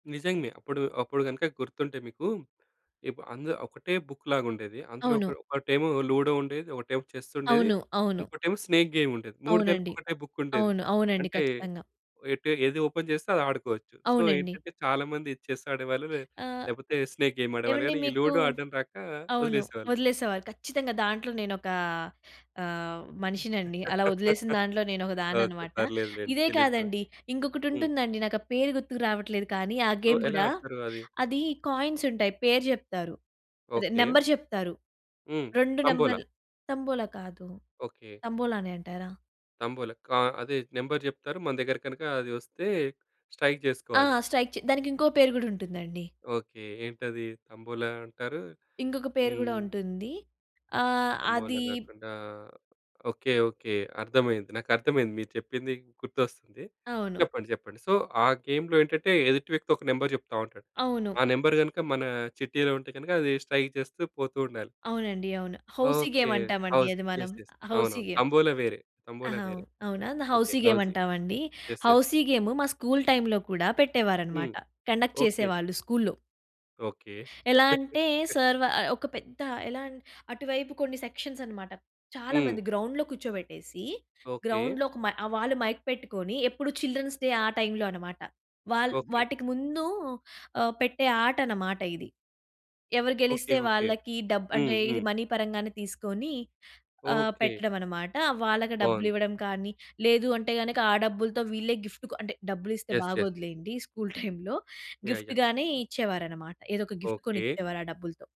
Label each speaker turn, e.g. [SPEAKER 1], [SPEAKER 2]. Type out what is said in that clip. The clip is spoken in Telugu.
[SPEAKER 1] నిజంగా. అప్పుడు అప్పుడు కనుక గుర్తుంటే మీకు ఇప్ అంద్ ఒకటే బుక్ లాగా ఉండేది. అందులో ఒక్
[SPEAKER 2] అవును.
[SPEAKER 1] ఒకటేమో లూడో ఉండేది, ఒకటేమో చెస్సుండేది,
[SPEAKER 2] అవును. అవును.
[SPEAKER 1] ఇంకోటేమో స్నేక్ గేముండేది. 3 కలిపి
[SPEAKER 2] అవునండి.
[SPEAKER 1] ఒకటే బుక్కుండేది.
[SPEAKER 2] అవును. అవునండి
[SPEAKER 1] అంటే
[SPEAKER 2] ఖచ్చితంగా.
[SPEAKER 1] ఎటు ఏది ఓపెన్ చేస్తే అది ఆడుకోవచ్చు. సో,
[SPEAKER 2] అవునండి.
[SPEAKER 1] ఏంటంటే చాలామంది చెస్ ఆడేవాళ్ళు లే
[SPEAKER 2] ఆహ్.
[SPEAKER 1] లేకపోతే స్నేక్ గేమ్ ఆడేవాళ్ళు.
[SPEAKER 2] ఏవండీ
[SPEAKER 1] కానీ ఈ
[SPEAKER 2] మీకు
[SPEAKER 1] లూడో ఆడడం రాక
[SPEAKER 2] అవును.
[SPEAKER 1] వదిలేసేవాళ్ళు.
[SPEAKER 2] వదిలేసేవారు ఖచ్చితంగా. దాంట్లో నేనొకా ఆహ్, మనిషినండి. అలా వదిలేసిన దాంట్లో నేను ఒక దాన్ని
[SPEAKER 1] ఓకే.
[SPEAKER 2] అన్నమాట.
[SPEAKER 1] పర్లేదు లెండి.
[SPEAKER 2] ఇదే
[SPEAKER 1] తెలీదు కదా!
[SPEAKER 2] కాదండి.
[SPEAKER 1] హ్మ్.
[SPEAKER 2] ఇంకొకటుంటుందండి నాకు ఆ పేరు గుర్తుకు రావట్లేదు కానీ. ఆ
[SPEAKER 1] సో,
[SPEAKER 2] గేమ్
[SPEAKER 1] ఎలా
[SPEAKER 2] కూడా
[SPEAKER 1] అడతారు అది?
[SPEAKER 2] అది కాయిన్స్ ఉంటాయి. పేరు చెప్తారు. అదే
[SPEAKER 1] ఓకే.
[SPEAKER 2] నంబరు చెప్తారు.
[SPEAKER 1] హ్మ్.
[SPEAKER 2] 2
[SPEAKER 1] తంబోలా.
[SPEAKER 2] నంబర్లు తంబోలా కాదు.
[SPEAKER 1] ఓకే.
[SPEAKER 2] తంబోలా అనే అంటారా?
[SPEAKER 1] తంబోల కా అదే నంబరు చెప్తారు. మన దగ్గర కనుక అది వస్తే స్ట్రైక్
[SPEAKER 2] ఆ!
[SPEAKER 1] చేసుకోవాలి.
[SPEAKER 2] స్ట్రైక్‌ చె దానికింకో పేరు కూడా ఉంటుందండి.
[SPEAKER 1] ఓకే. ఏంటది? తంబోలా అంటారు.
[SPEAKER 2] ఇంకొక పేరు కూడా
[SPEAKER 1] హ్మ్.
[SPEAKER 2] ఉంటుంది. ఆహ్,
[SPEAKER 1] తంబోలా
[SPEAKER 2] అది
[SPEAKER 1] కాకుండా ఓకే. ఓకే. అర్థమైంది. నాకర్థమైంది. మీరు చెప్పింది గుర్తొస్తుంది.
[SPEAKER 2] అవును.
[SPEAKER 1] చెప్పండి చెప్పండి. సో, ఆ గేమ్‌లో ఏంటంటే ఎదుటి వ్యక్తి ఒక నంబరు చెప్తా ఉంటాడు. ఆ
[SPEAKER 2] అవును.
[SPEAKER 1] నంబరు గనుక మన చిట్టిలో ఉంటే గనుక అది స్ట్రైక్ చేస్తూ పోతూ ఉండాలి.
[SPEAKER 2] అవునండి. అవును. Housie
[SPEAKER 1] okay.
[SPEAKER 2] గేమ్ అంటామండి
[SPEAKER 1] హౌస్
[SPEAKER 2] అది మనం.
[SPEAKER 1] యస్. యస్.
[SPEAKER 2] హౌసీ
[SPEAKER 1] అవునవును.
[SPEAKER 2] గేమ్.
[SPEAKER 1] తంబోలా వేరే. తంబోలా
[SPEAKER 2] ఆహా!
[SPEAKER 1] వేరే.
[SPEAKER 2] అవునా!
[SPEAKER 1] ఓకే.
[SPEAKER 2] Housie game
[SPEAKER 1] housie.
[SPEAKER 2] అంటామండి.
[SPEAKER 1] యస్. యస్.
[SPEAKER 2] హౌసీ గేమ్ మా స్కూలు టైంలో కూడా పెట్టేవారన్నమాట.
[SPEAKER 1] హ్మ్.
[SPEAKER 2] Conduct
[SPEAKER 1] okay.
[SPEAKER 2] చేసేవాళ్ళు స్కూల్లో.
[SPEAKER 1] ఓకే.
[SPEAKER 2] ఎలా అంటే! సారు వాళ్ళు ఒక పెద్ద ఎలా అటువైపు కొన్ని సెక్షన్స్ అన్నమాట. చాలా
[SPEAKER 1] హ్మ్.
[SPEAKER 2] మంది గ్రౌండ్‌లో కూర్చోబెట్టేసి.
[SPEAKER 1] ఓకే.
[SPEAKER 2] గ్రౌండ్‌లో ఒక మై ఆహ్, వాళ్ళు మైక్ పెట్టుకొని ఎప్పుడు చిల్డ్రన్స్ డే ఆ టైంలో అన్నమాట. వాళ్ళ
[SPEAKER 1] ఓకే.
[SPEAKER 2] వాటికి ముందు పెట్టే ఆహ్, ఆటన్నమాట ఇది. ఎవరు
[SPEAKER 1] ఓకే.
[SPEAKER 2] గెలిస్తే
[SPEAKER 1] ఓకే.
[SPEAKER 2] వాళ్ళకి డబ్బు
[SPEAKER 1] హ్మ్.
[SPEAKER 2] అంటే ఇది
[SPEAKER 1] హ్మ్.
[SPEAKER 2] మనీ పరంగానే తీసుకొని ఆహ్,
[SPEAKER 1] ఓకే.
[SPEAKER 2] పెట్టడమన్నమాట. వాళ్ళకి
[SPEAKER 1] బావుంది.
[SPEAKER 2] డబ్బులివ్వడం కానీ లేదు అంటే గనక ఆ డబ్బులతో వీళ్ళే గిఫ్ట్ కొ అంటే డబ్బులిస్తే
[SPEAKER 1] యస్. యస్.
[SPEAKER 2] బాగోదులెండి స్కూలు టైంలో.
[SPEAKER 1] యాహ్. యాహ్!
[SPEAKER 2] గిఫ్ట్ గానీ ఇచ్చేవారన్నమాట. ఏదో ఒక గిఫ్ట్ కొని
[SPEAKER 1] ఓకే.
[SPEAKER 2] ఇచ్చేవారు ఆ డబ్బులతో.